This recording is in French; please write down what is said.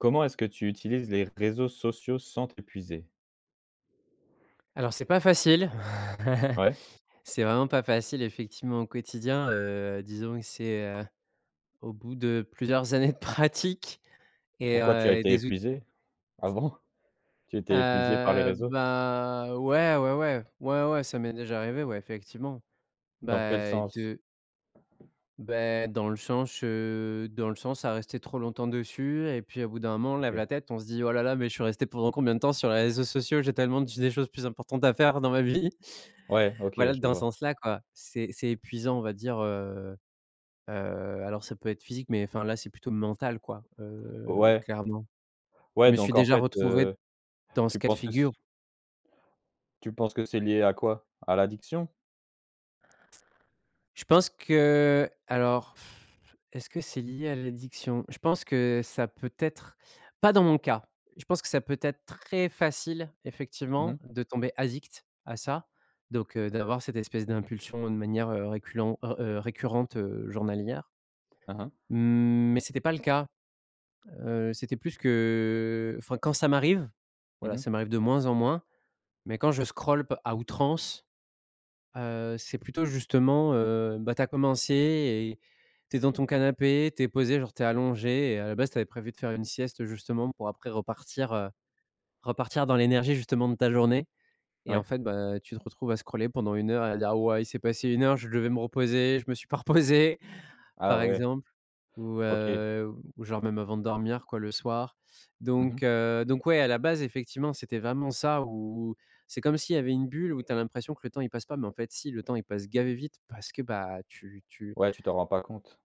Comment est-ce que tu utilises les réseaux sociaux sans t'épuiser? Alors c'est pas facile. Ouais. C'est vraiment pas facile effectivement au quotidien, heu, disons que c'est heu, au bout de plusieurs années de pratique et Pourquoi tu as heu, et été des ou épuisé? Ah bon? Tu étais épuisé par les hem, réseaux? bah, ouais. Ouais, ouais. Ouais, ouais, ça m'est déjà arrivé, ouais, effectivement, Dans quel bah sens? de bah, dans le sens, heu, dans le sens à rester trop longtemps dessus et puis, au bout d'un moment, on lève OK. la tête, on se dit: «Oh là là, mais je suis resté pendant combien de temps sur les réseaux sociaux? J'ai tellement d des choses plus importantes à faire dans ma vie». Ouais. OK, Voilà, je dans ce vois. sens-là, quoi. C'est c'est épuisant on va dire, heu heu, alors, ça peut être physique, mais enfin, là, c'est plutôt mental, quoi, heu, Ouais clairement. ouais. Je Ouais, me suis donc, en déjà fait, heu, retrouvé dans ce tu cas de penses que c'est figure. tu penses que c'est lié à quoi? À l'addiction? Je pense qu'alors, est-ce que c'est lié à l'addiction? Je pense que, ça peut être pas dans mon cas. Je pense que ça peut être très facile, Mmh mh. effectivement, de tomber addict à ça. Donc heu, d'avoir cette espèce d'impulsion de manière, heu, reculent, heu, récurrente, heu, journalière Mmh mh. mmh, mais c'était pas le cas, heu, c'était plus qu'enfin quand ça m'arrive. Mmh Voilà, mh. ça m'arrive de moins en moins. Mais quand je scroll p à outrance, heu, c'est plutôt justement, heu, bah, tu as commencé et tu es devant ton canapé, tu es posé, genre, tu es allongé, et à la base, tu avais prévu de faire une sieste justement pour après repartir, heu, repartir dans l'énergie justement de ta journée. Et en Ouais. fait, bah, tu te retrouves à scroller pendant 1 heure, à dire: «Wow! Il s'est passé 1 heure, je devais me reposer, je me suis pas reposé», Ah par ouais. exemple. Ou OK. heu, ou genre, même avant de dormir, quoi, le soir. Mmh Donc mh. heu, donc ouais, à la base effectivement, c'était vraiment ça, ou ou c'est comme s'il y avait une bulle où tu as l'impression que le temps, il passe pas mais en fait, si, le temps, il passe gavé et vite parce que tu tu Ouais, tu t'en rends pas compte.